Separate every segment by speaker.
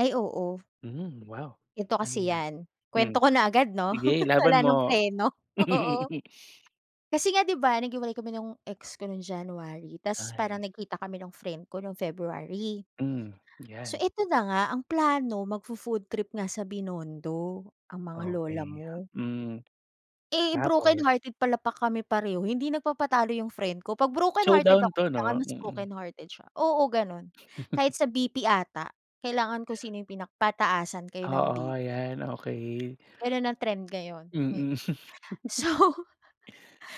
Speaker 1: Ay oo.
Speaker 2: Mhm. Wow,
Speaker 1: Ganito
Speaker 2: ano
Speaker 1: kasi
Speaker 2: yan?
Speaker 1: yan,
Speaker 2: Hmm,
Speaker 1: kwento ko na agad, 'no?
Speaker 2: sige ilaban
Speaker 1: Wala ng
Speaker 2: mo.
Speaker 1: preno. Oo. Kasi nga, 'di ba, naghiwalay kami nung ex ko nung January. Tapos
Speaker 2: Ay.
Speaker 1: parang nagkita kami ng friend ko nung February.
Speaker 2: Hmm,
Speaker 1: So,
Speaker 2: yan.
Speaker 1: eto na nga, ang plano magfo-food trip nga sa Binondo, ang mga lola
Speaker 2: Okey.
Speaker 1: mo.
Speaker 2: Hmm,
Speaker 1: Eh,
Speaker 2: tapos?
Speaker 1: brokenhearted pala pa kami pareho. Hindi nagpapatalo 'yung friend ko, 'pag brokenhearted
Speaker 2: Showdown
Speaker 1: ako
Speaker 2: 'to,
Speaker 1: kailangan
Speaker 2: 'no?
Speaker 1: mas
Speaker 2: Mm.
Speaker 1: brokenhearted siya. Oo, ganun. Kahit sa BP ata, kailangan ko sino 'yung pinak pataasan kayo ng
Speaker 2: Oo,
Speaker 1: BP.
Speaker 2: yan. Okey.
Speaker 1: Ganun ang trend ngayon. Mm.
Speaker 2: Mm.
Speaker 1: So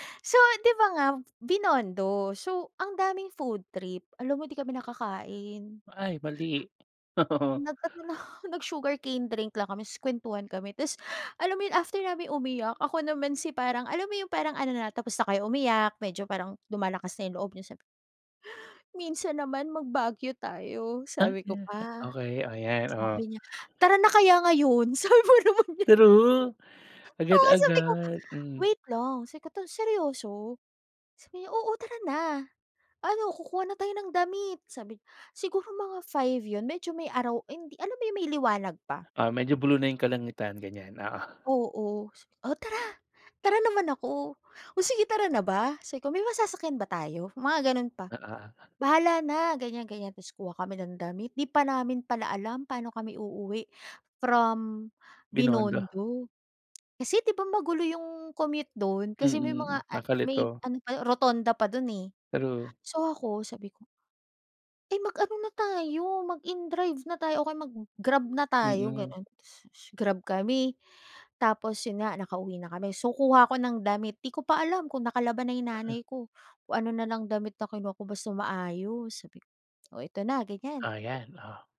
Speaker 1: So, 'di ba nga, Binondo. So, ang daming food trip. Alam mo di kami nakakain.
Speaker 2: Ay, mali.
Speaker 1: Nag ano lang nag-sugarcane drink lang kami, tapos kwentuhan kami. Tapos alam mo 'yun after na umiyak, ako naman si parang alam mo 'yung parang ano, na tapos na kayo umiyak, medyo parang lumalakas na 'yung loob niyo, sabi ko "Minsan naman mag Baguio tayo,"
Speaker 2: Ah,
Speaker 1: sabi ko
Speaker 2: 'yan.
Speaker 1: pa.
Speaker 2: Okey, ayan, oh.
Speaker 1: Sabi niya, "Tara na kaya ngayon." Sabi ba naman niya.
Speaker 2: True?
Speaker 1: Oo sabi ko,
Speaker 2: Agad-agad, hmm.
Speaker 1: "Wait lang, sikata seryoso?" sabi niya, "Oo tara na. Ano kukuha na tayo ng damit," sabi niya. Siguro mga 5 'yun, medyo may araw hindi, alam mo 'yung may liwanag pa.
Speaker 2: Ah, medyo blue na 'yung kalangitan ganyan, oo.
Speaker 1: Oo. Sa "O tara."Tara naman ako. "O sige tara na ba?" sabi ko, "May masasakyan ba tayo?" Mga ganun pa.
Speaker 2: Oo.
Speaker 1: "Bahala na," ganyan ganyan, tapos kuha kami ng damit. Di pa namin pala alam paano kami uuwi from
Speaker 2: Binondo.
Speaker 1: Binondo. Kasi, 'di ba, magulo 'yung commute dun? Kasi may mga
Speaker 2: Mm.
Speaker 1: ah may
Speaker 2: Nakakalito.
Speaker 1: ano pa rotonda pa dun, eh.
Speaker 2: True.
Speaker 1: So, ako sabi ko Eh, mag-ano na tayo, mag-in-drive na tayo o kaya mag-Grab na tayo,
Speaker 2: Mm.
Speaker 1: gano'n. Grab kami, tapos 'yun nga nakauwi na kami. So, kuha ako ng damit, 'di ko pa alam kung nakalaba na 'yung
Speaker 2: Aha.
Speaker 1: nanay ko. Kung ano na lang damit na kinuha ko basta maayos. Sabi ko, "O ito na," ganyan.
Speaker 2: O yan, oh.